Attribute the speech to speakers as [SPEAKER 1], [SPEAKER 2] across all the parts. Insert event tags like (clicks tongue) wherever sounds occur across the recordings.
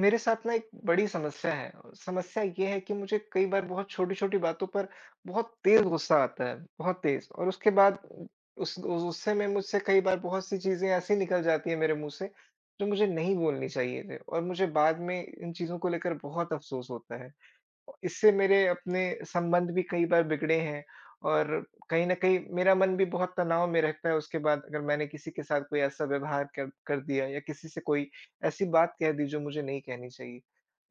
[SPEAKER 1] मेरे साथ ना एक बड़ी समस्या है। समस्या ये है कि मुझे कई बार बहुत छोटी-छोटी बातों पर बहुत तेज़ गुस्सा आता है, बहुत तेज़। और उसके बाद उ उस गुस्से में मुझसे कई बार बहुत सी चीज़ें ऐसी निकल जाती हैं मेरे मुँह से जो मुझे नहीं बोलनी चाहिए थी और मुझे बाद में इन चीज़ों को लेकर बहुत अफ़सोस होता है। इससे मेरे अपने संबंध भी कई बार बिगड़े हैं, और कहीं न कहीं मेरा मन भी बहुत तनाव में रहता है। उसके बाद अगर मैंने किसी के साथ कोई ऐसा व्यवहार कर कर दिया या किसी से कोई ऐसी बात कह दी जो मुझे नहीं कहनी चाहिए।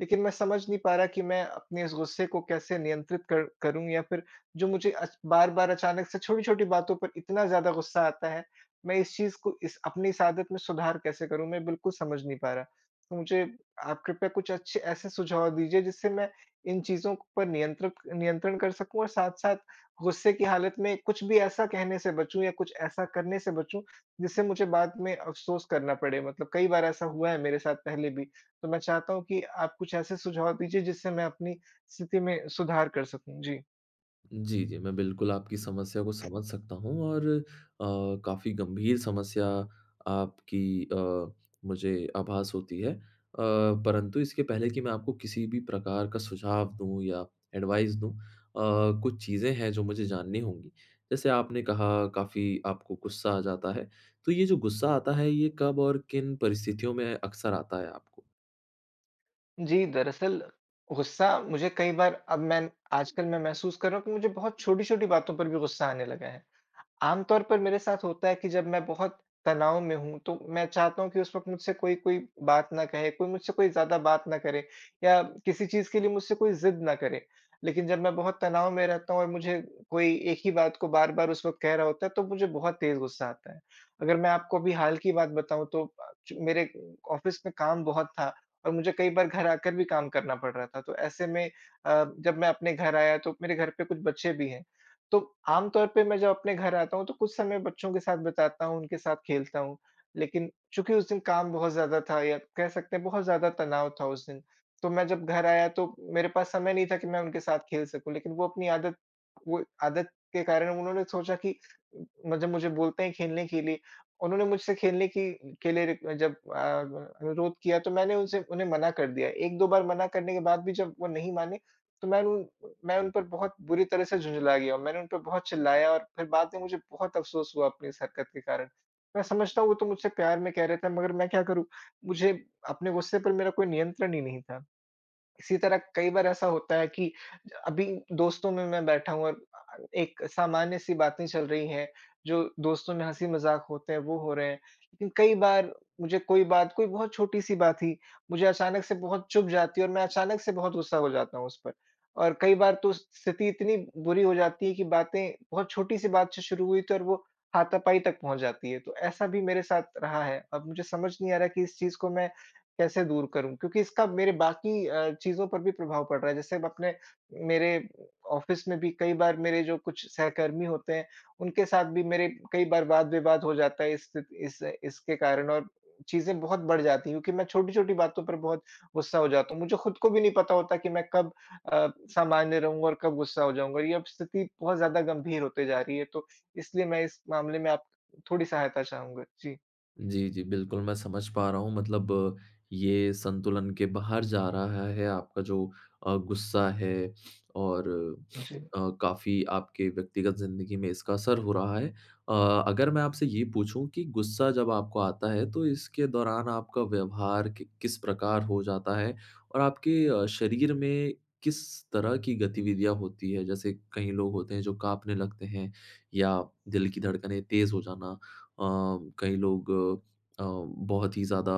[SPEAKER 1] लेकिन मैं समझ नहीं पा रहा कि मैं अपने इस गुस्से को कैसे नियंत्रित कर करूँ? या फिर जो मुझे अच बार-बार अचानक से छोटी-छोटी बातों पर इतना ज़्यादा गुस्सा आता है, मैं इस चीज़ को इस अपनी इस आदत में सुधार कैसे करूँ? मैं बिल्कुल समझ नहीं पा रहा। तो मुझे आप कृपया कुछ अच्छे ऐसे सुझाव दीजिए, जिससे मैं इन चीज़ों पर नियंत्रित नियंत्रण कर सकूँ। और साथ-साथ गुस्से की हालत में कुछ भी ऐसा कहने से बचूँ या कुछ ऐसा करने से बचूँ जिससे मुझे बाद में अफ़सोस करना पड़े। मतलब कई बार ऐसा हुआ है मेरे साथ पहले भी। तो मैं चाहता हूँ कि आप कुछ ऐसे सुझाव दीजिए जिससे मैं अपनी स्थिति में सुधार कर सकूँ, जी।
[SPEAKER 2] जी, जी। मैं बिल्कुल आपकी समस्या को समझ सकता हूँ और अ, काफ़ी गंभीर समस्या आपकी अ, मुझे आभास होती है। अ, परंतु इसके पहले कि मैं आपको किसी भी प्रकार का सुझाव दूँ या एडवाइस दूँ अ, कुछ चीज़ें हैं जो मुझे जाननी होंगी। जैसे आपने कहा काफ़ी आपको गुस्सा आ जाता है, तो ये जो गुस्सा आता है ये कब और किन परिस्थितियों में अक्सर आता है आपको?
[SPEAKER 1] जी। दरअसल गुस्सा मुझे कई बार अब मैं आजकल मैं महसूस कर रहा हूँ कि मुझे बहुत छोटी-छोटी बातों पर भी गुस्सा आने लगा है। आम तौर पर मेरे साथ होता है कि जब मैं बहुत तनाव में हूँ, तो मैं चाहता हूँ कि उस वक़्त मुझसे कोई कोई बात ना कहे, कोई मुझसे कोई ज़्यादा बात ना करे या किसी चीज़ के लिए मुझसे कोई ज़िद ना करे। लेकिन जब मैं बहुत तनाव में रहता हूँ और मुझे कोई एक ही बात को बार-बार उस वक़्त कह रहा होता है, तो मुझे बहुत तेज़ गुस्सा आता है। अगर मैं आपको अभी हाल की बात बताऊँ, तो अ, मेरे अ, ऑफ़िस का काम बहुत था और मुझे कई बार घर आकर भी काम करना पड़ रहा था। तो ऐसे में अ, जब मैं अपने घर आया, तो मेरे घर पे कुछ बच्चे भी हैं, तो आम तौर पे मैं जब अपने घर आता हूँ, तो कुछ समय बच्चों के साथ बिताता हूँ, उनके साथ खेलता हूँ। लेकिन चूँकि उस दिन काम बहुत ज़्यादा था या कह सकते हैं बहुत ज़्यादा तनाव था उस दिन। तो मैं जब घर आया, तो मेरे पास समय नहीं था कि मैं उनके साथ खेल सकूँ लेकिन वो अपनी आदत वो आदत के कारण उन्होंने सोचा कि जब म मुझे बोलते हैं खेलने के लिए उन्होंने मुझसे खेलने की के लिए जब अ, व अनुरोध किया, तो मैंने उनसे उन्हें मना कर दिया। 1-2 बार मना करने के बाद भी जब वो नहीं माने, तो मैं उन पर मैं उन पर बहुत बुरी तरह से झुँझला गया और मैंने उन पर बहुत चिल्लाया और फ़िर बाद में मुझे बहुत अफ़सोस हुआ अपनी इस हरकत के कारण। मैं समझता हूँ वो तो मुझसे प्यार में कह रहे थे मगर मैं क्या करूँ? मुझे अपने गुस्से पर मेरा कोई नियंत्रण ही नहीं था। इसी तरह कई बार ऐसा होता है कि ज अभी दोस्तों में, मैं बैठा हूँ अ अ, एक सामान्य-सी बातें चल रही हैं, जो दोस्तों में हँसी-मज़ाक होते हैं वो हो रहे हैं। लेकिन कई बार मुझे कोई बात कोई बहुत छोटी-सी बात थी, मुझे अचानक से बहुत चुभ जाती है और मैं अचानक से बहुत गुस्सा हो जाता हूँ उस पर। और कई बार तो उस स्थिति इतनी बुरी हो जाती है कि बातें बहुत छोटी-सी बात से शुरू हुई थी और वो हाथापाई तक पहुँच जाती है, तो ऐसा भी मेरे साथ रहा है। अब मुझे समझ नहीं आ रहा है कि इस चीज़ को मैं कैसे दूर करूँ क्योंकि इसका मेरे बाकी अ, चीज़ों पर भी प्रभाव पड़ रहा है जैसे अपने मेरे अ, ऑफ़िस में भी कई बार मेरे जो कुछ सहकर्मी होते हैं, उनके साथ भी मेरे कई बार वाद-विवाद हो जाता है इस स्थि इस इसके कारण और अ, चीज़ें बहुत बढ़ जाती है क्योंकि मैं छोटी-छोटी बातों पर बहुत गुस्सा हो जाता हूँ। मुझे खुद को भी नहीं पता होता कि मैं कब अ, सामान्य रहूँगा और कब गुस्सा हो जाऊँगा, ये अब स्थिति बहुत ज़्यादा गंभीर होती जा रही है। तो इसलिए मैं इस मामले में आप थोड़ी सहायता चाहूँगा। जी।
[SPEAKER 2] जी, जी। बिल्कुल, मैं समझ पा रहा हूँ, मतलब ये संतुलन के बाहर जा रहा है, आपका जो अ, गुस्सा है और (sniffs)
[SPEAKER 1] जी।
[SPEAKER 2] अ, काफ़ी आपके व्यक्तिगत ज़िंदगी में इसका असर हो रहा है अ, अगर मैं आपसे ये पूछूँ कि गुस्सा जब आपको आता है, तो इसके दौरान आपका व्यवहार क किस प्रकार हो जाता है? और आपके अ, शरीर में किस तरह की गतिविधियाँ होती हैं? जैसे कई लोग होते हैं जो काँपने लगते हैं या दिल की धड़कने तेज़ हो जाना, अ, कई लोग अ, बहुत ही ज़्यादा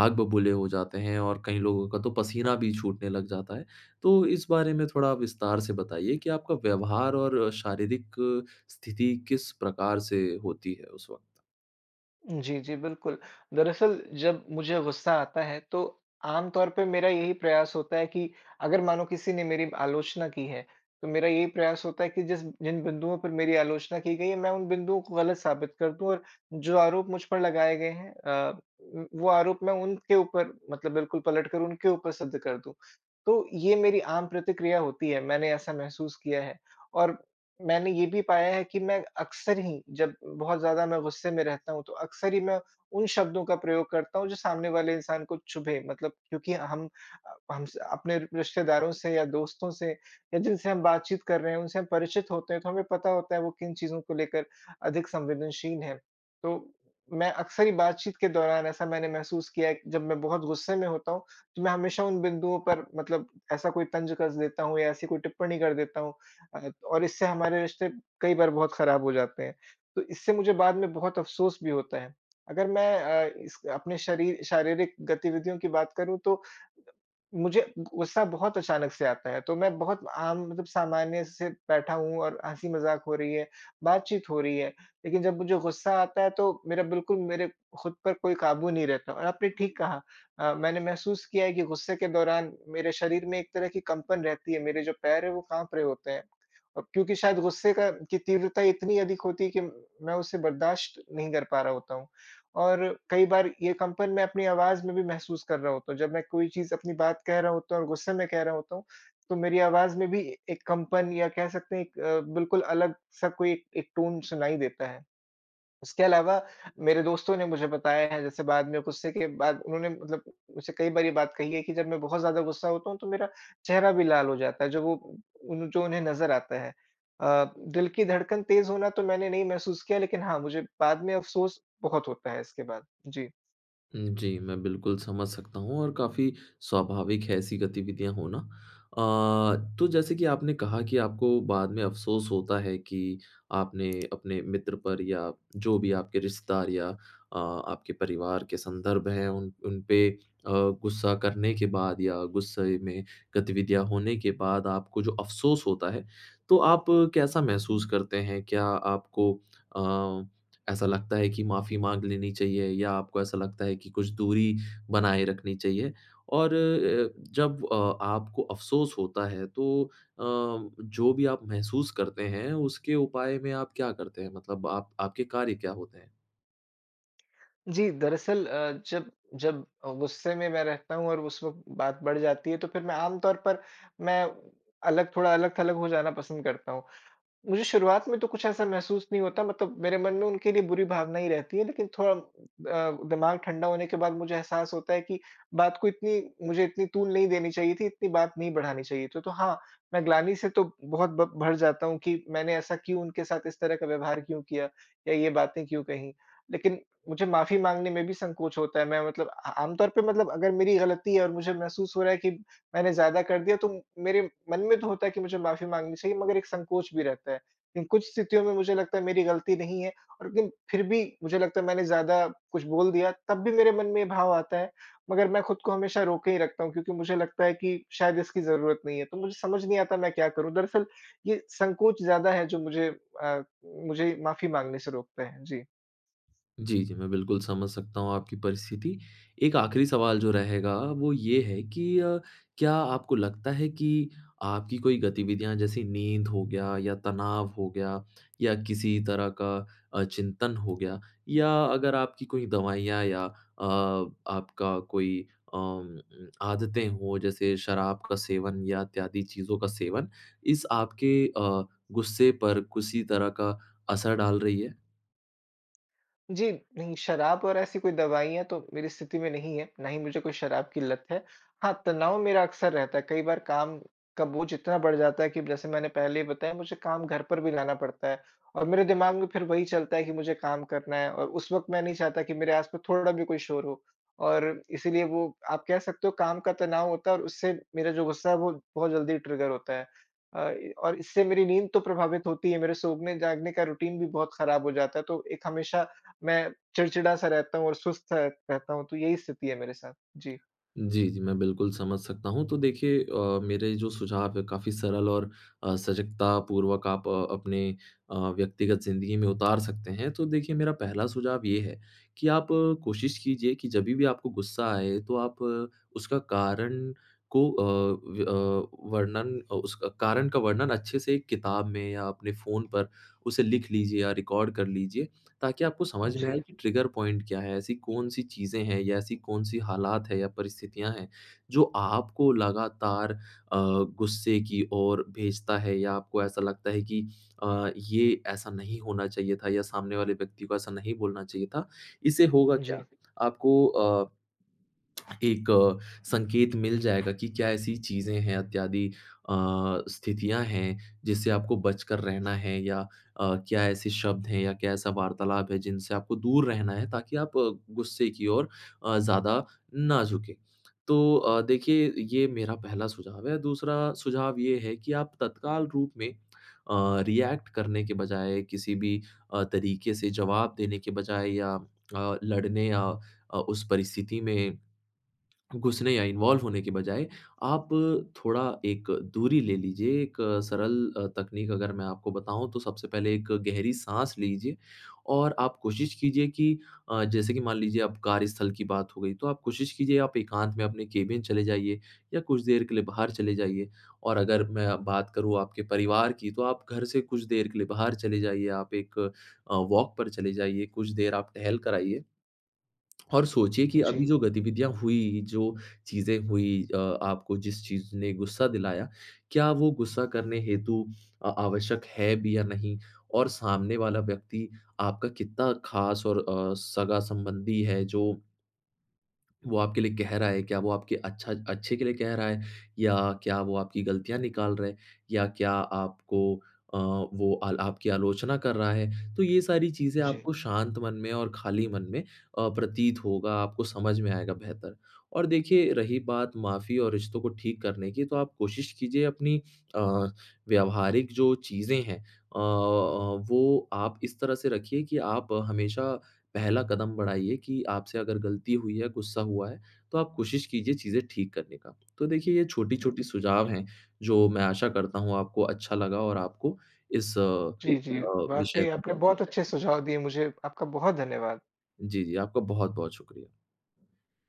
[SPEAKER 2] आग बबूले हो जाते हैं और कई लोगों का तो पसीना भी छूटने लग जाता है। तो इस बारे में थोड़ा विस्तार से बताइए कि आपका व्यवहार और शारीरिक स्थिति किस प्रकार से होती है, उस वक़्त?
[SPEAKER 1] जी, जी, बिल्कुल। दरअसल जब मुझे गुस्सा आता है तो, आम तौर पे मेरा यही प्रयास होता है कि अगर मानो किसी ने मेरी आलोचना की है, तो मेरा यही प्रयास होता है कि, जिस जिन बिंदुओं पर मेरी आलोचना की गई है, मैं उन बिन्दुओं को गलत साबित कर दूँ और जो आरोप मुझ पर लगाए गए हैं अ, म वो आरोप मैं उनके ऊपर मतलब बिल्कुल पलटकर उनके ऊपर सिद्ध कर दूँ। तो ये मेरी आम प्रतिक्रिया होती है, मैंने ऐसा महसूस किया है। और मैंने ये भी पाया है कि मैं अक्सर ही, जब बहुत ज़्यादा मैं गुस्से में रहता हूँ, तो अक्सर ही मैं उन शब्दों का प्रयोग करता हूँ जो सामने वाले इंसान को चुभे, मतलब क्योंकि हम हम स अपने रिश्तेदारों से या दोस्तों से या जिनसे हम बातचीत कर रहे हैं, उनसे हम परिचित होते हैं तो हमें पता होता है वो किन चीज़ों को लेकर, अधिक संवेदनशील हैं। तो मैं अक्सर ही बातचीत के दौरान ऐसा मैंने महसूस किया है कि जब मैं बहुत गुस्से में होता हूँ, तो मैं हमेशा उन बिंदुओं पर मतलब ऐसा कोई तंज़ कस देता हूँ या ऐसी कोई टिप्पणी कर देता हूँ। अ, और इससे हमारे रिश्ते कई बार बहुत ख़राब हो जाते हैं। तो इससे मुझे बाद में बहुत अफ़सोस भी होता है। अगर मैं अ, इस अपने शरीर शारीरिक गतिविधियों की बात करूँ तो, मुझे गुस्सा बहुत अचानक से आता है, तो मैं बहुत आम मतलब सामान्य से बैठा हूँ और हँसी मज़ाक हो रही है, बातचीत हो रही है, लेकिन जब मुझे गुस्सा आता है तो मेरा बिल्कुल मेरे, खुद पर कोई काबू नहीं रहता और आपने ठीक कहा अ, मैंने महसूस किया है कि गुस्से के दौरान मेरे शरीर में एक तरह की कंपन रहती है, मेरे जो पैर है वो काँप रहें होते हैं। और क्योंकि शायद गुस्से का की तीव्रता इतनी अधिक होती है कि मैं उसे बर्दाश्त नहीं कर पा रहा होता हूँ और कई बार ये कंपन मैं अपनी आवाज़ में भी महसूस कर रहा होता हूँ। जब मैं कोई चीज़ अपनी बात कह रहा होता हूँ और गुस्से में कह रहा होता हूँ, तो मेरी आवाज़ में भी एक कंपन या कह सकते हैं एक अ, बिल्कुल अलग-सा कोई एक एक, टोन सुनाई देता है। उसके अलावा, मेरे दोस्तों ने मुझे बताया है जैसे बाद में गुस्से के बाद उन्होंने, मतलब मुझसे कई बार ये बात कही है कि जब मैं बहुत ज़्यादा गुस्सा होता हूँ तो मेरा चेहरा भी लाल हो जाता है, जो वो जो उन्हें नज़र आता है। अ, दिल की धड़कन तेज़ होना तो मैंने नहीं महसूस किया लेकिन हाँ, मुझे बाद में अफ़सोस बहुत होता है इसके बाद। जी।
[SPEAKER 2] हुँ, जी। मैं बिल्कुल समझ सकता हूँ और काफ़ी स्वाभाविक है ऐसी गतिविधियाँ होना। अ, तो जैसे कि आपने कहा कि आपको बाद में अफ़सोस होता है कि, आपने अपने मित्र पर या जो भी आपके रिश्तेदार या अ, आपके परिवार के संदर्भ हैं उन उनपे अ, गुस्सा करने के बाद या गुस्से में गतिविधियाँ होने के बाद आपको जो अफ़सोस होता है, तो आप कैसा महसूस करते हैं? क्या आपको अ, ऐसा लगता है कि माफ़ी माँग लेनी चाहिए या आपको ऐसा लगता है कि कुछ दूरी बनाए रखनी चाहिए? और अ, जब अ, आपको अफ़सोस होता है तो अ, जो भी आप महसूस करते हैं, उसके उपाय में आप क्या करते हैं? मतलब आप आपके कार्य क्या होते हैं?
[SPEAKER 1] जी, दरअसल अ, जब जब अ, गुस्से में मैं रहता हूँ और उस वक़्त बात बढ़ जाती है तो फिर मैं आमतौर पर मैं अलग थोड़ा अलग-थलग हो जाना पसंद करता हूँ। मुझे शुरुआत में तो कुछ ऐसा महसूस नहीं होता मतलब, मेरे मन में उनके लिए बुरी भावना ही रहती है लेकिन थोड़ा अ, दिमाग़ ठंडा होने के बाद मुझे एहसास होता है कि बात को इतनी मुझे इतनी तूल नहीं देनी चाहिए थी, इतनी बात नहीं बढ़ानी चाहिए थी। तो हाँ, मैं ग्लानि से तो बहुत ब भर जाता हूँ कि मैंने ऐसा क्यों उनके साथ इस तरह का व्यवहार क्यों किया? या ये बातें क्यों कहीं? लेकिन मुझे माफ़ी माँगने में भी संकोच होता है मैं मतलब अ, आमतौर पर मतलब अगर मेरी गलती है और मुझे महसूस हो रहा है कि मैंने ज़्यादा कर दिया तो मेरे मन में तो होता है कि मुझे माफ़ी माँगनी चाहिए मगर एक संकोच भी रहता है। इन कुछ स्थितियों में मुझे लगता है मेरी गलती नहीं है, और लेकिन फिर भी मुझे लगता है मैंने ज़्यादा कुछ बोल दिया, तब भी मेरे मन में ये भाव आता है, मगर मैं खुद को हमेशा रोके ही रखता हूँ क्योंकि मुझे लगता है कि शायद इसकी ज़रूरत नहीं है। तो मुझे समझ नहीं आता मैं क्या करूँ? दरअसल ये संकोच ज़्यादा है जो मुझे अ, मुझे माफ़ी माँगने से रोकता है। जी।
[SPEAKER 2] जी, जी। मैं बिल्कुल समझ सकता हूँ आपकी परिस्थिति। एक आख़िरी सवाल जो रहेगा वो ये है कि अ, क्या आपको लगता है कि आपकी कोई गतिविधियाँ जैसे नींद हो गया या तनाव हो गया या किसी तरह का अ, चिंतन हो गया या अगर आपकी कोई दवाइयाँ या अ, आपका कोई अ, म आदतें हों, जैसे शराब का सेवन या इत्यादि चीज़ों का सेवन, इस आपके अ, गुस्से पर किसी तरह का असर डाल रही हैं?
[SPEAKER 1] जी, नहीं शराब और ऐसी कोई दवाईयाँ तो मेरी स्थिति में नहीं है, ना ही मुझे कोई शराब की लत है। हाँ तनाव मेरा अक्सर रहता है। कई बार काम का बोझ इतना बढ़ जाता है कि जैसे मैंने पहले ही बताया, मुझे काम घर पर भी लाना पड़ता है और मेरे दिमाग़ में फिर वही चलता है कि मुझे काम करना है और उस वक़्त मैं नहीं चाहता कि मेरे आस-पास थोड़ा भी कुछ शोर हो और इसीलिए वो आप कह सकते हो काम का तनाव होता है और उससे मेरा जो गुस्सा है, वो बहुत जल्दी ट्रिगर होता है। अ, ई और इससे मेरी नींद तो प्रभावित होती है, मेरे सोने-जागने का रूटीन भी बहुत ख़राब हो जाता है। तो एक हमेशा, मैं चिड़चिड़ा-सा रहता हूँ और सुस्त-सा रहता हूँ, तो यही स्थिति है मेरे साथ। जी।
[SPEAKER 2] जी, जी। मैं बिल्कुल समझ सकता हूँ, तो देखिए अ, मेरे जो सुझाव है काफ़ी सरल और अ, सजगतापूर्वक आप अपने अ, व्यक्तिगत ज़िंदगी में उतार सकते हैं। तो देखिए मेरा पहला सुझाव ये है, कि आप कोशिश कीजिए कि जभी भी आपको गुस्सा आए, तो आप उसका कारण को अ, व्य अ, वर्णन अ, उसका कारण का वर्णन अच्छे से एक किताब में या अपने फ़ोन पर, उसे लिख लीजिए या रिकॉर्ड कर लीजिए ताकि आपको समझ में आए
[SPEAKER 1] जी।
[SPEAKER 2] कि ट्रिगर पॉइंट क्या है? ऐसी कौन-सी चीज़ें हैं या ऐसी कौन-सी हालात हैं या परिस्थितियाँ हैं, जो आपको लगातार अ, गुस्से की ओर भेजता है? या आपको ऐसा लगता है कि अ, ये ऐसा नहीं होना चाहिए था या सामने वाले व्यक्ति को ऐसा नहीं बोलना चाहिए था। इससे होगा क्या?
[SPEAKER 1] जी।
[SPEAKER 2] आपको अ, (clicks tongue) एक अ, संकेत मिल जाएगा कि क्या ऐसी चीज़ें हैं इत्यादि अ, स्थितियाँ हैं जिससे आपको बचकर रहना है या अ, क्या ऐसे शब्द हैं या क्या ऐसा वार्तालाप है, जिनसे आपको दूर रहना है ताकि आप गुस्से की ओर अ, ज़्यादा ना झुकें। तो अ, देखिए ये मेरा पहला सुझाव है। दूसरा सुझाव ये है कि आप तत्काल रूप में अ, रिएक्ट करने के बजाय किसी भी अ, तरीके से जवाब देने के बजाए या अ, लड़ने या अ, उस परिस्थिति में, घुसने या इन्वॉल्व होने के बजाए, आप थोड़ा एक दूरी ले लीजिए, एक सरल अ, तकनीक अगर मैं आपको बताऊँ, तो सबसे पहले एक गहरी साँस लीजिए, और आप कोशिश कीजिए कि अ, जैसे कि मान लीजिए अब कार्यस्थल की बात हो गई, तो आप कोशिश कीजिए आप एकांत में अपने केबिन चले जाइए। या कुछ देर के लिए बाहर चले जाइए। और अगर मैं अब बात करूँ आपके परिवार की, तो आप घर से कुछ देर के लिए बाहर चले जाइए, आप एक अ, वॉक पर चले जाइए, कुछ देर आप टहल कर आइए (clicks tongue) और सोचिए कि
[SPEAKER 1] जी।
[SPEAKER 2] अभी जो गतिविधियाँ हुई, जो चीज़ें हुई अ, आपको जिस चीज़ ने गुस्सा दिलाया, क्या वो गुस्सा करने हेतु आ आवश्यक है भी या नहीं? और सामने वाला व्यक्ति आपका कितना ख़ास और अ, सगा-संबंधी है जो वो आपके लिए कह रहा है, क्या वो आपके अच्छा अच्छे के लिए कह रहा है, या क्या वो आपकी ग़लतियाँ निकाल रहे या क्या आपको अ, वो अल आपकी आलोचना कर रहा है? तो ये सारी चीज़ें
[SPEAKER 1] जी।
[SPEAKER 2] आपको शांत मन में और खाली मन में अ, प्रतीत होगा, आपको समझ में आएगा बेहतर। और देखिए रही बात माफ़ी और रिश्तों को ठीक करने की, तो आप कोशिश कीजिए अपनी अ, व्यावहारिक जो चीज़ें हैं अ अ, वो आप इस तरह से रखिए कि आप हमेशा, पहला कदम बढ़ाइए कि आपसे अगर ग़लती हुई है, गुस्सा हुआ है, तो आप कोशिश कीजिए चीज़ें ठीक करने का। तो देखिए ये
[SPEAKER 1] हुँ।
[SPEAKER 2] छोटी-छोटी सुझाव हैं, जो मैं आशा करता हूँ, आपको अच्छा लगा और आपको इस अ
[SPEAKER 1] जी, जी।
[SPEAKER 2] अ, विषय
[SPEAKER 1] वाक़ई
[SPEAKER 2] में।
[SPEAKER 1] आपने बहुत अच्छे सुझाव दिए मुझे, आपका बहुत धन्यवाद।
[SPEAKER 2] जी, जी। आपका बहुत-बहुत शुक्रिया।